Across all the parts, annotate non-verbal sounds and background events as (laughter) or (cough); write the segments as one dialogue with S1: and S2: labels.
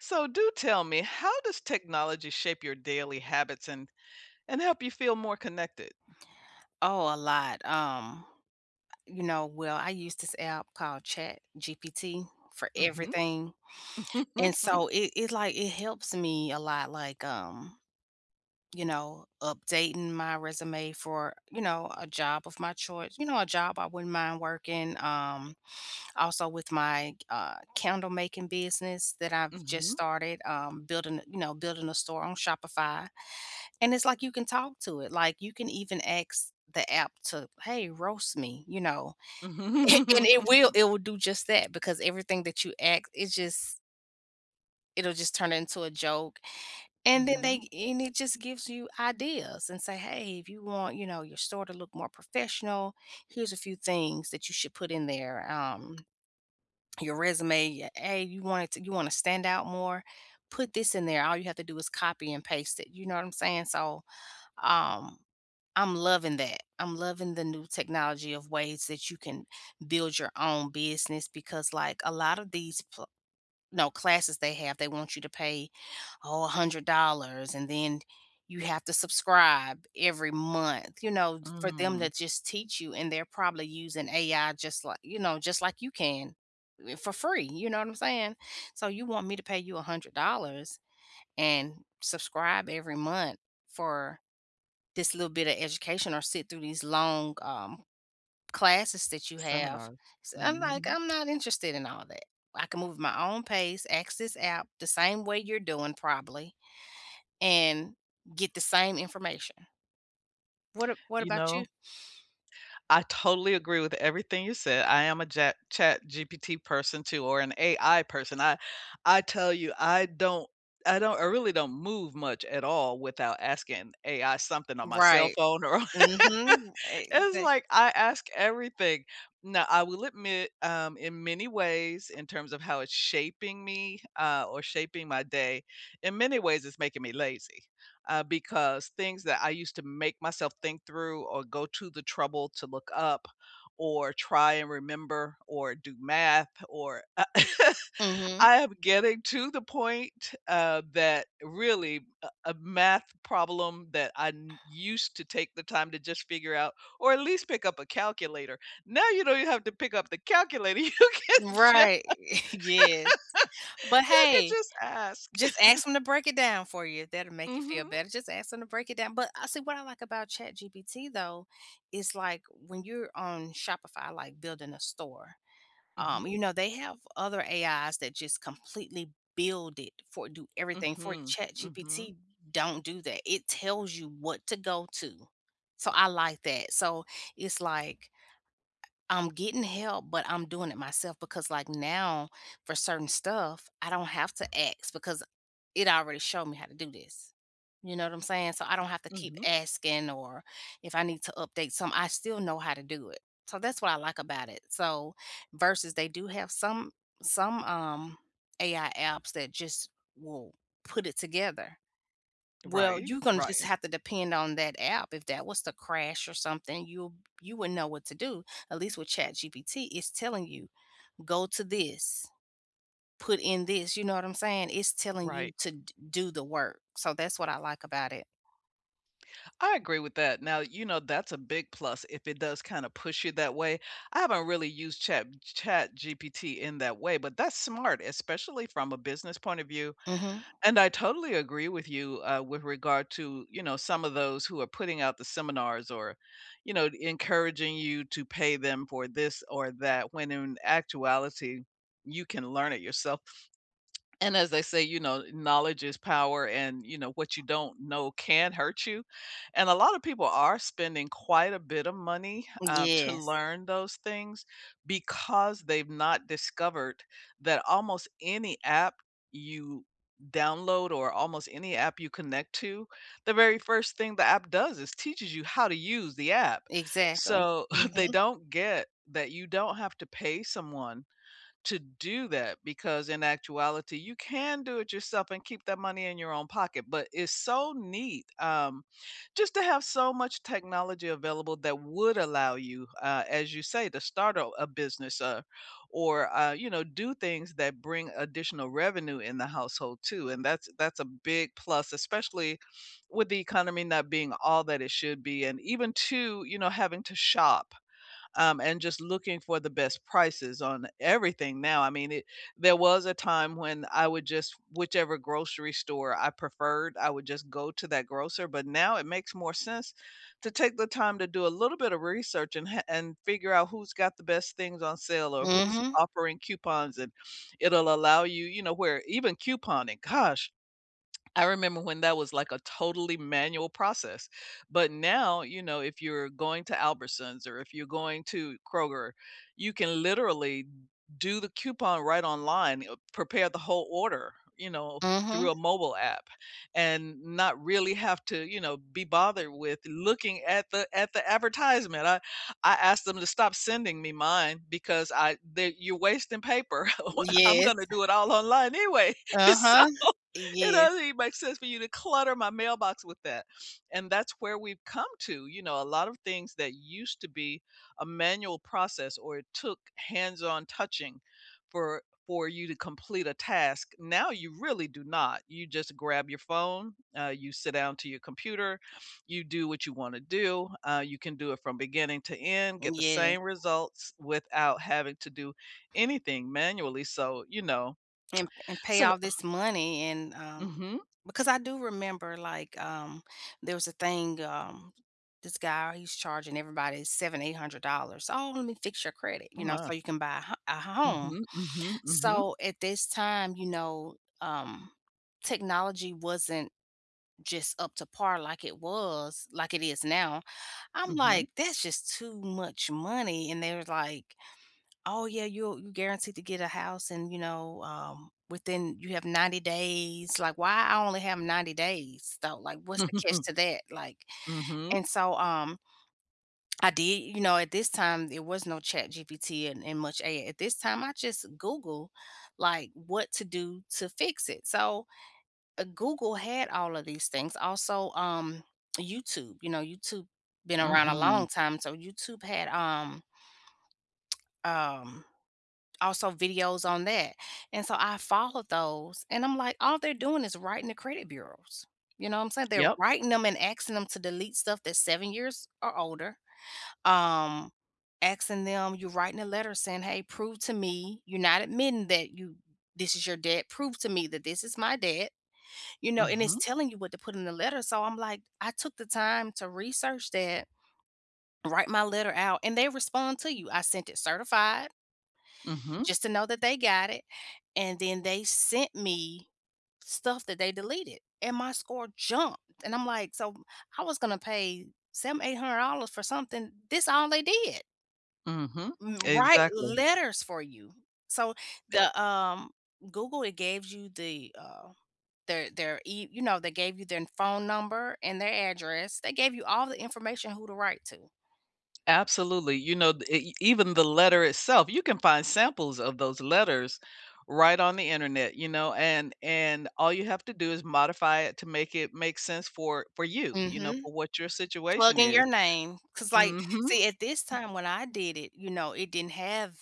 S1: So do tell me, how does technology shape your daily habits and and help you feel more connected?
S2: Oh, a lot. Um, you know, well, I use this app called ChatGPT for
S1: Mhm.
S2: everything. And
S1: (chuckles)
S2: so it it, like, it helps me a lot, like, um, you know, updating my resume for, you know, a job of my choice, you know, a job I wouldn't mind working. Um, also with my, uh, candle making business that I've just
S1: Mhm.
S2: started, um, building, you know, building a store on Shopify. And it's like you can talk to it, like you can even ask the app to, "Hey, roast me," you know?
S1: Mhm.
S2: And it will,
S1: (chuckles)
S2: it will do just that because everything that you ask, it just it'll just turn into a joke. And then
S1: Mhm.
S2: they and it just gives you ideas and say, "Hey, if you want, you know, your store to look more professional, here's a few things that you should put in there. Um, your resume, "Hey, you want it to you wanna stand out more, put this in there." All you have to do is copy and paste it. You know what I'm saying? So, um, I'm loving that. I'm loving the new technology of ways that you can build your own business because like a lot of these pl no, classes they have, they want you to pay, oh, $100 and then you have to subscribe every month, you know, f for them
S1: Mm.
S2: to just teach you. And they're probably using AI just li you know, just like you can, eh, for free. You know what I'm saying? "So you want me to pay you $100 and subscribe every month for this little bit of education or sit through these long, um, classes that you have."
S1: Seminars.
S2: So I'm like,
S1: Mhm.
S2: "I'm not interested in all that. I can move at my own pace, ask this app the same way you're doing, probably, and get the same information." What a what
S1: You
S2: about you?
S1: know I totally agree with everything you said. I am a ja ChatGPT person, too, or an AI person. I I tell you, I don't I don't I really don't move much at all without asking AI something on my cell
S2: Right.
S1: phone or
S2: Mhm. Eh,
S1: (laughs) it's
S2: they
S1: like I ask everything. Now, I will admit, um, in many ways, in terms of how it's shaping me, uh, or shaping my day, in many ways, it's making me lazy. Uh, because things that I used to make myself think through or go to the trouble to look up or try and remember or do math or, uh, (laughs)
S2: Mhm.
S1: I am getting to the point, uh, that really a a math problem that I n used to take the time to just figure out or at least pick up a calculator. Now you don't even have to pick up the calculator. You can just
S2: Right. (chuckles) Yes. But
S1: (laughs) you can
S2: hey,
S1: just ask.
S2: just
S1: (laughs)
S2: ask 'em to break it down for you. That'll make you feel
S1: Mhm.
S2: better. Just ask 'em to break it down. But, uh, see, what I like about ChatGPT, though, is like when you're on Shopify, like building a store, um,
S1: Mhm.
S2: you know, they have other AIs that just completely build it for do everything for
S1: Mhm, mhm.
S2: ChatGPT don't do that. It tells you what to go to, so I like that. So it's like I I'm getting help, but I'm doing it myself because, like, now for certain stuff, I don't have to ask because it already showed me how to do this. You know what I'm saying? So I don't have to keep
S1: Mhm.
S2: asking or if I need to update some, I still know how to do it. So that's what I like about it. So versus they do have some some, um, AI apps that just will put it together. Well,
S1: Right,
S2: you gonna just
S1: right.
S2: have to depend on that app. If that was to crash or something, you you wouldn't know what to do. At least with ChatGPT, it's telling you, "Go to this, put in this." You know what I'm saying? It's telling you
S1: Right.
S2: to d do the work. So that's what I like about it.
S1: I agree with that. Now, you know, that's a big plus if it does kinda push you that way. I haven't really used Chat b ChatGPT in that way, but that's smart, especially from a business point of view,
S2: Mhm.
S1: and I totally agree with you, uh, with regard to, you know, some of those who are putting out the seminars or, you know, encouraging you to pay them for this or that, when in actuality you can learn it yourself. And as they say, you know, "Knowledge is power," and, you know, "What you don't know can hurt you." And a lot of people are spending quite a bit of money,
S2: M'
S1: uh, to
S2: yes.
S1: learn those things because they've not discovered that almost any app you download, or almost any app you connect to the very first thing the app does is teaches you how to use the app.
S2: Exactly.
S1: So, (coughs) they
S2: Mhm.
S1: don't get that you don't have to pay someone to do that, because in actuality, you can do it yourself and keep that money in your own pocket. But it's so neat, um, just to have so much technology available that would allow you, uh, as you say, to start a a business, uh, or, uh, you know, do things that bring additional revenue in the household too, and that's that's a big plus, especially with the economy not being all that it should be, and even too, you know, having to shop, um, and just looking for the best prices on everything now. I mean, it There was a time when I would just whichever grocery store I preferred, I would just go to that grocer, but now it makes more sense to take the time to do a little bit of research and ha and figure out who's got the best things on sale or who's
S2: Mhm.
S1: offering coupons, and it'll allow you You know, where even couponing, gosh, I remember when that was like a totally manual process. But now, you know, if you're going to Albertsons or if you're going to Kroger, you can literally do the coupon right online, uh, prepare the whole order, you know, through
S2: Mhm.
S1: a mobile app, and not really have to, you know, be bothered with looking at the at the advertisement. I I asked them to stop sending me mine because I they you're wasting paper. (laughs) I'm
S2: Yes.
S1: gonna do it all online anyway. So,
S2: Uh-huh.
S1: it
S2: Yeah.
S1: doesn't even make sense for you to clutter my mailbox with that, and that's where we've come to, you know, a lot of things that used to be a manual process or it took hands-on touching for for you to complete a task, now you really do not. You just grab your phone, uh, you sit down to your computer, you do what you wanna do. Uh, you can do it from beginning to end,
S2: M'
S1: get the
S2: yeah.
S1: same results without having to do anything manually, so, you know.
S2: And p and pay
S1: So,
S2: all
S1: oh
S2: this money and, um
S1: Mhm.
S2: because I do remember, like, um, there was a thing, um, this guy, he's charging everybody 7, $800, "Oh, let me fix your credit,
S1: Oh
S2: you know,
S1: my.
S2: so you can buy a h a home."
S1: Mhm, mhm, mhm.
S2: So, at this time, you know, um, technology wasn't just up to par like it was like it is now. I'm
S1: Mhm.
S2: like, "That's just too much money" and they was like, "Oh yeah, you'll g guaranteed to get a house and, you know, um, within You have 90 days," like, "Why I only have 90 days, though? Like, what's the catch
S1: (laughs)
S2: to that?" Like,
S1: Mhm.
S2: and so, um I did You know, at this time there was no ChatGPT and and much a at this time, I just Google, like, what to do to fix it. So, uh, Google had all of these things. Also, um, YouTube, you know, YouTube been around a long
S1: Mhm.
S2: time, so YouTube had, um, (smacks lips) um, also videos on that, and so, I followed those and I'm like, "All they're doing is writing the credit bureaus," you know what I'm saying? They're
S1: Yep.
S2: writing 'em and asking them to delete stuff that's 7 years or older. Um, asking them you writing a letter saying, "Hey, prove to me you're not admitting that you this is your debt. Prove to me that this is my debt." You know, and it's
S1: Mhm.
S2: telling you what to put in the letter, so, I'm like I took the time to research that, write my letter out, and they respond to you. I sent it certified
S1: Mhm.
S2: just to know that they got it, and then they sent me, stuff that they deleted and my score jumped, and I'm like, "So w I was gonna pay 7, $800 for something. This all they did."
S1: Mhm.
S2: M write
S1: Exactly.
S2: letters for you. So
S1: E
S2: the, um Google, it gaves you the, uh, their their e you know, they gave you their phone number and their address. They gave you all the information who to write to.
S1: Absolutely. You know, d e even the letter itself, you can find samples of those letters right on the internet, you know? And and all you have to do is modify it to make it make sense for for you, you know,
S2: Mhm.
S1: for what your
S2: Plug
S1: situation
S2: in
S1: is.
S2: your name. 'Cause, like,
S1: Mhm.
S2: see, at this
S1: (chuckles)
S2: time when I did it, you know, it didn't have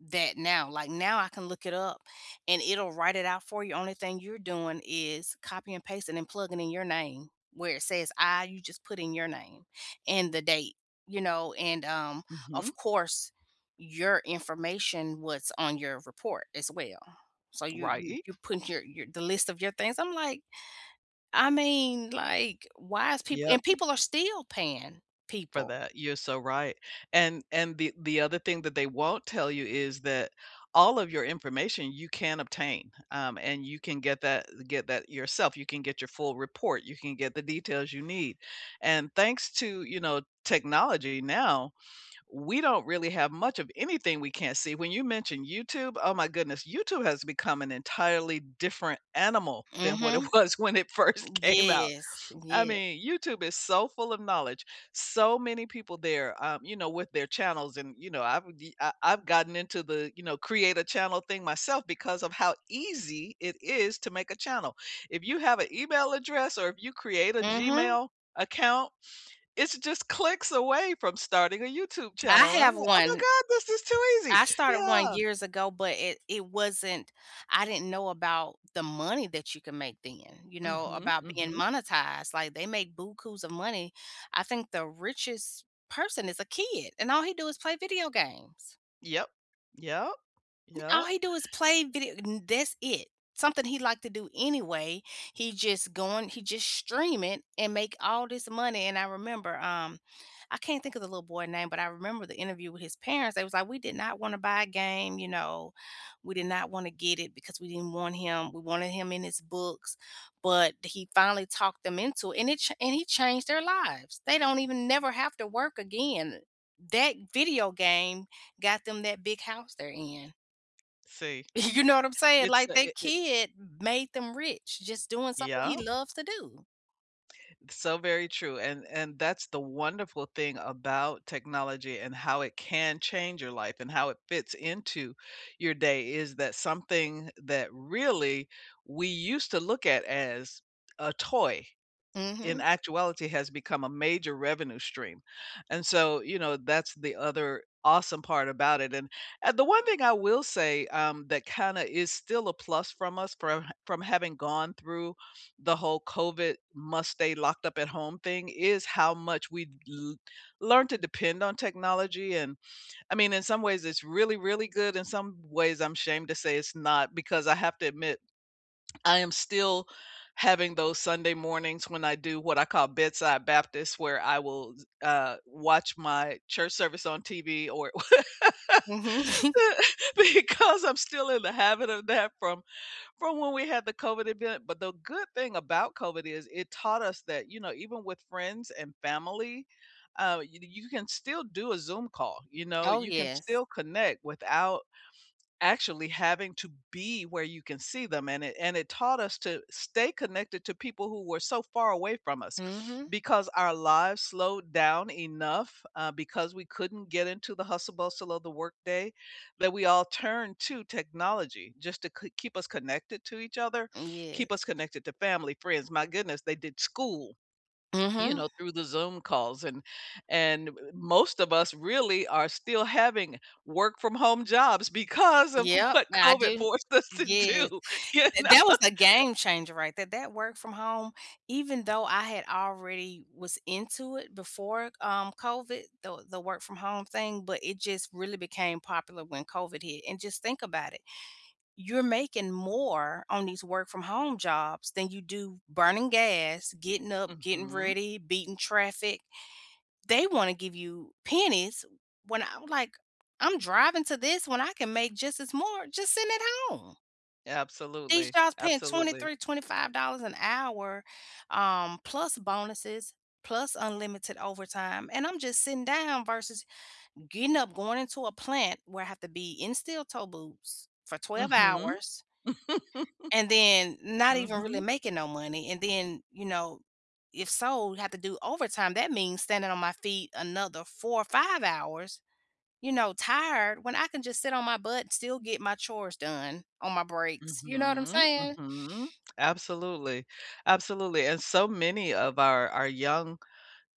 S2: that now. Like, now I can look it up and it'll write it out for you. Only thing you're doing is copy and pasting and plugging in your name. Where it says I, you just put in your name and the date, you know. And um,
S1: Mhm.
S2: of course, your information, what's on your report as well. So you you
S1: Right.
S2: you print your your, the list of your things. I'm, like, I mean, like, why is people and
S1: Yep.
S2: people are still paying
S1: For
S2: people.
S1: that, you're so right. And and the the other thing that they won't tell you is that all of your information you can obtain, um, and you can get that get that yourself. You can get your full report, you can get the details you need. And thanks to, you know, technology now, we don't really have much of anything we can't see. When you mention YouTube, oh my goodness, YouTube has become an entirely different animal than what it
S2: Mhm.
S1: was when it first
S2: M
S1: came out.
S2: yes.
S1: I
S2: Yeah.
S1: mean, YouTube is so full of knowledge. So many people there, um, you know, with their channels and, you know, I've, uh, I've gotten into the, you know, create a channel thing myself because of how easy it is to make a channel. If you have a email address or if you create a
S2: Mhm.
S1: Gmail account, it's just clicks away from starting a YouTube channel.
S2: I
S1: And I'm
S2: have
S1: like, "Oh my
S2: one.
S1: God, this is too easy."
S2: I started one
S1: Yeah.
S2: years ago, but it it wasn't I didn't know about the money that you could make then, you know,
S1: Mhm,
S2: about being
S1: mhm.
S2: monetized. Like they make bookoos of money. I think the richest person is a kid and all he do is play video games.
S1: Yep. Yep.
S2: N All
S1: Yep.
S2: he do is play video and that's it. Something he like to do anyway. He just going he just stream it and make all this money. And I remember, um, I can't think of the little boy name, but I remember the interview with his parents. They was like, "We did not wanna buy a game, you know. We did not wanna get it because we didn't want him we wanted him in his books." But he finally talked them into it and it ch and he changed their lives. They don't even never have to work again. That video game got them that big house they're in.
S1: See,
S2: Y You know what I'm saying?
S1: it's,
S2: Like
S1: uh,
S2: their
S1: it it
S2: kid made them rich just doing something he
S1: Yeah.
S2: loves to do.
S1: So very true, an and that's the wonderful thing about technology and how it can change your life and how it fits into your day, is that something that really we used to look at as a toy, in
S2: Mhm.
S1: actuality has become a major revenue stream. And so, you know, that's the other awesome part about it. And, uh, the one thing I will say, um, that kinda is still a plus from us from h from having gone through the whole COVID must-stay-locked-up-at-home thing, is how much we'd l learn to depend on technology. And, I mean, in some ways it's really, really good. In some ways, I'm shamed to say it's not, because I have to admit, (swallows) I am still having those Sunday mornings when I do what I call "bedside Baptist," where I will s uh, watch my church service on TV or w
S2: Mhm. (chuckles)
S1: (laughs) Because I'm still in the habit of that from from when we had the COVID event. But the good thing about COVID is it taught us that, you know, even with friends and family, uh, y you can still do a Zoom call. You know,
S2: Oh,
S1: you can
S2: yes.
S1: still connect without actually having to be where you can see them. And it and it taught us to stay connected to people who were so far away from us,
S2: Mhm.
S1: because our lives slowed down enough, uh, because we couldn't get into the hustle bustle of the workday, that we all turned to technology just to k keep us connected to each other,
S2: Mm, yes.
S1: keep us connected to family, friends. My goodness, they did school, you
S2: Mhm.
S1: know, through the Zoom calls and and most of us really are still having work from home jobs because of
S2: Yep,
S1: what
S2: I
S1: COVID
S2: do
S1: forced us to
S2: Yes.
S1: do, you
S2: Th
S1: know?
S2: that was a game changer right there. That work from home, even though I had already was into it before, um, COVID, the the work-from-home thing, but it just really became popular when COVID hit. And just think about it, you're making more on these work from home jobs than you do burning gas, getting up, getting
S1: Mhm.
S2: ready, beating traffic. They wanna give you pennies when I'm like, "I'm driving to this when I can make just as more just sitting at home." These
S1: Absolutely,
S2: jobs paying
S1: absolutely.
S2: 23, $25 an hour, um, plus bonuses, plus unlimited overtime, and I'm just sitting down versus getting up, going into a plant where I have to be in steel toe boots for 12
S1: Mhm.
S2: hours
S1: (chuckles)
S2: and then not even really
S1: Mhm.
S2: making no money. And then, you know, if so, have to do overtime. That means standing on my feet another 4 or 5 hours, you know, tired, when I can just sit on my butt and still get my chores done on my breaks. You know what I'm
S1: Mhm,
S2: saying?
S1: mhm, absolutely, absolutely, and so many of our our young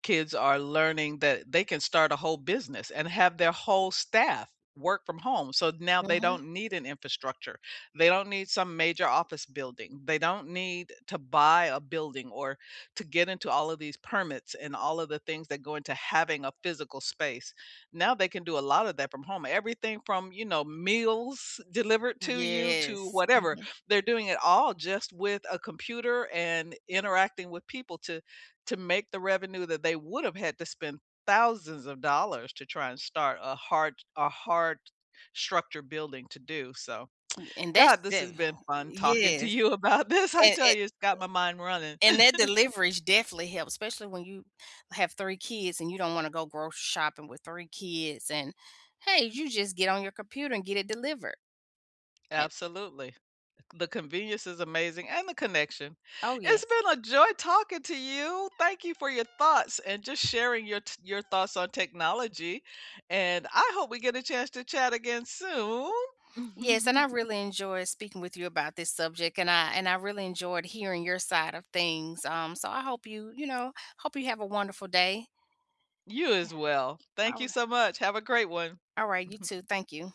S1: kids are learning that they can start a whole business and have their whole staff work from home. So now they
S2: Mhm.
S1: don't need an infrastructure. They don't need some major office building. They don't need to buy a building or to get into all of these permits and all of the things that go into having a physical space. Now they can do a lot of that from home. Everything from, you know, meals delivered to you to
S2: Yes.
S1: whatever.
S2: Mhm.
S1: They're doing it all just with a computer and interacting with people to to make the revenue that they would've had to spend thousands of dollars to try and start a hard a hard structure building to do so.
S2: N and that's
S1: God, this has
S2: def
S1: been fun talking to
S2: Yes,
S1: you about this. I
S2: and
S1: tell
S2: and
S1: you, it's got my mind running.
S2: and that
S1: (chuckles)
S2: delivery's definitely helped, especially when you have 3 kids and you don't wanna go grocery shopping with 3 kids, and hey, you just get on your computer and get it delivered. And
S1: Absolutely. The convenience is amazing, and the connection.
S2: Oh,
S1: It's
S2: yes.
S1: been a joy talking to you. Thank you for your thoughts and just sharing your t your thoughts on technology, and I hope we get a chance to chat again soon.
S2: Yes, and I
S1: (chuckles)
S2: really enjoyed speaking with you about this subject, and I and I really enjoyed hearing your side of things. Um, so I hope you, you know, hope you have a wonderful day.
S1: You
S2: Yeah,
S1: as well. Thank
S2: all
S1: you
S2: r
S1: so much. Have a great one.
S2: All right, you
S1: Mhm.
S2: too. Thank you